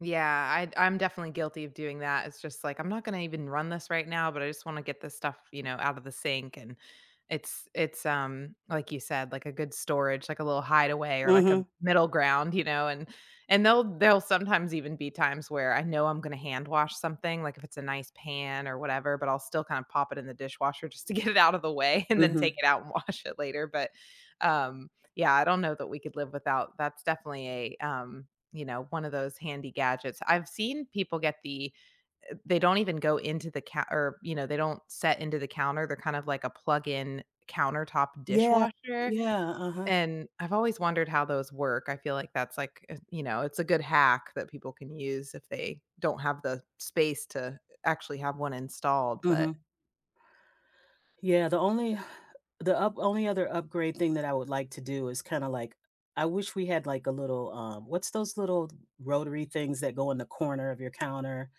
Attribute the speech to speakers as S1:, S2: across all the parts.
S1: Yeah. I'd I'm definitely guilty of doing that. It's just like, I'm not gonna even run this right now, but I just wanna get this stuff, you know, out of the sink. And it's it's, um like you said, like a good storage, like a little hideaway or like a
S2: Mhm.
S1: middle ground, you know? And, and they'll they'll sometimes even be times where I know I'm gonna hand wash something, like if it's a nice pan or whatever, but I'll still kinda pop it in the dishwasher just to get it out of the way and then take
S2: Mhm.
S1: it out and wash it later but, uh yeah, I don't know that we could live without that's definitely a um, you know, one of those handy gadgets. I've seen people get the, eh, they don't even go into the ca or, you know, they don't set into the counter. They're kind of like a plug in countertop
S2: Yeah.
S1: dishwasher.
S2: Yeah, uh-huh.
S1: And I've always wondered how those work. I feel like that's like eh you know, it's a good hack that people can use if they don't have the space to uh actually have one installed but
S2: Mhm. Yeah the only the up only other upgrade thing that I would like to do is kinda like, I wish we had like a little, um, what's those little rotary things that go in the corner of your counter?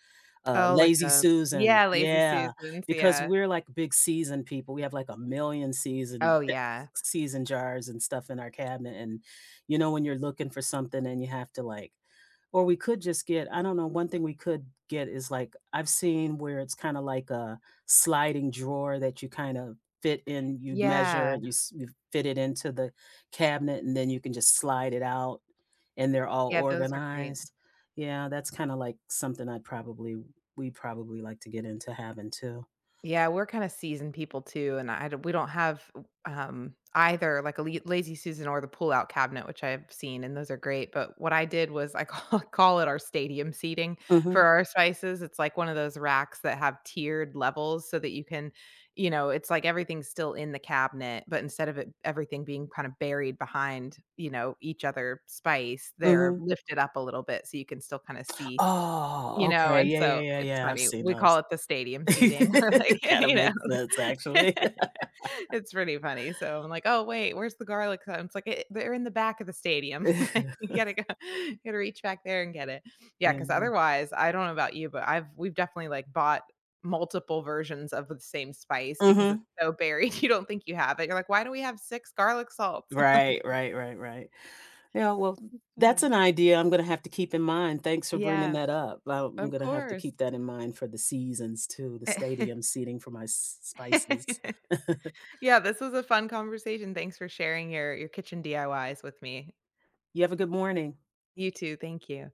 S2: Uh,
S1: Oh, like
S2: lazy
S1: a
S2: Susan.
S1: yeah, Lazy
S2: Yeah,
S1: Susans
S2: because
S1: yeah.
S2: we're like big season people we have like a 1,000,000 season
S1: Oh, yeah.
S2: [unintelligible] season jars and stuff in our cabinet and you know, when you're looking for something and you have to like or we could just get, I don't know, one thing we could get is like, I've seen where it's kinda like a sliding drawer that you kind of fit in, you'd measure
S1: Yeah.
S2: it, you s you fit it into the cabinet and then you can just slide it out and they're all
S1: Yeah. Those are great.
S2: organized. Yeah, that's kinda like something I'd probably we'd probably like to get into having too.
S1: Yeah. We're kinda season people too, and I do we don't have w um, either like a li lazy Susan or the pullout cabinet, which I have seen, and those are great. But what I did was I ca call it our stadium seating for
S2: Mhm.
S1: our spices. It's like one of those racks that have tiered levels so that you can, you know, it's like everything's still in the cabinet, but instead of it everything being kind of buried behind, you know, each other spice, they're
S2: Mhm.
S1: lifted up a little bit so you can still kinda see, you
S2: Oh,
S1: know?
S2: okay
S1: And
S2: yeah, yeah,
S1: so
S2: yeah,
S1: it's
S2: yeah. I've
S1: funny.
S2: seen
S1: We call
S2: those.
S1: it the stadium seating, we're like,
S2: Kinda
S1: you know?
S2: makes sense, actually.
S1: It's pretty funny. So I'm like, "Oh, wait. Where's the garlic?" [unintelligible] Like, it "They're in the back of the stadium li you gotta go you gotta reach back there and get it." Yeah 'cause
S2: And, uh
S1: otherwise, I don't know about you, but I've we've definitely, like, bought multiple versions of the same spice because it's
S2: Mhm.
S1: so buried. You don't think you have it. You're like, why do we have 6 garlic salts?
S2: Right,
S1: Like
S2: right, right, right. Yeah, well,
S1: That's
S2: that's
S1: funny.
S2: an idea I'm gonna have to keep in mind. Thanks for bringing
S1: Yeah.
S2: that up. Well,
S1: Of
S2: I'm gonna have to
S1: course.
S2: keep that in mind for the seasons too, the stadium seating for my s s spices.
S1: Yeah, this was a fun conversation. Thanks for sharing your your kitchen DIYs with me.
S2: You have a good morning.
S1: You too. Thank you.